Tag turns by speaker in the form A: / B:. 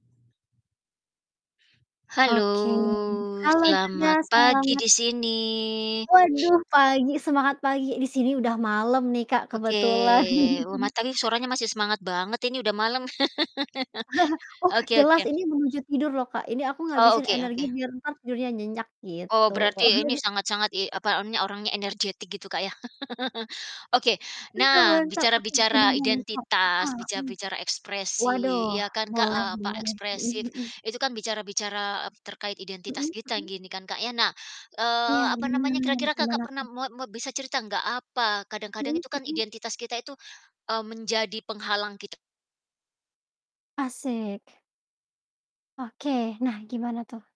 A: Halo,
B: Oke, halo juga,
A: selamat pagi
B: selamat
A: di sini.
B: Waduh, pagi, semangat pagi, di sini udah malam nih, Kak,
A: Oke,
B: kebetulan.
A: luma tapi suaranya masih semangat banget ini udah malem.
B: Oh,
A: Oke oke.
B: jelas. Ini menuju tidur loh Kak, ini aku
A: Oh,
B: ngabisin
A: oke
B: energi
A: oke.
B: biar entar tidurnya nyenyak, gitu.
A: Oh berarti, ini sangat-sangat iy e apa, ini orangnya energetik gitu Kak, ya. Oke,
B: Mantap
A: nah
B: mantap, aduh,
A: bicara-bicara
B: gimana nih Kak?
A: identitas,
B: Heeh, mhm.
A: bicara-bicara ekspresi
B: Waduh,
A: ya kan Kak,
B: boleh
A: eee, apa,
B: boleh, mhm
A: ekspresif.
B: mhm.
A: Itu kan, bicara-bicara, e terkait identitas
B: Mhm
A: kita
B: mhm.
A: gini, kan Kak, ya. Nah, eee,
B: Iya,
A: apa namanya,
B: benar.
A: kira-kira Kakak
B: Gimana
A: pernah
B: tuh?
A: moa moa bisa cerita enggak, apa, kadang-kadang
B: Mhm,
A: itu kan
B: hmm.
A: identitas kita itu, eee menjadi penghalang kita.
B: Asik. Oke, nah gimana tuh?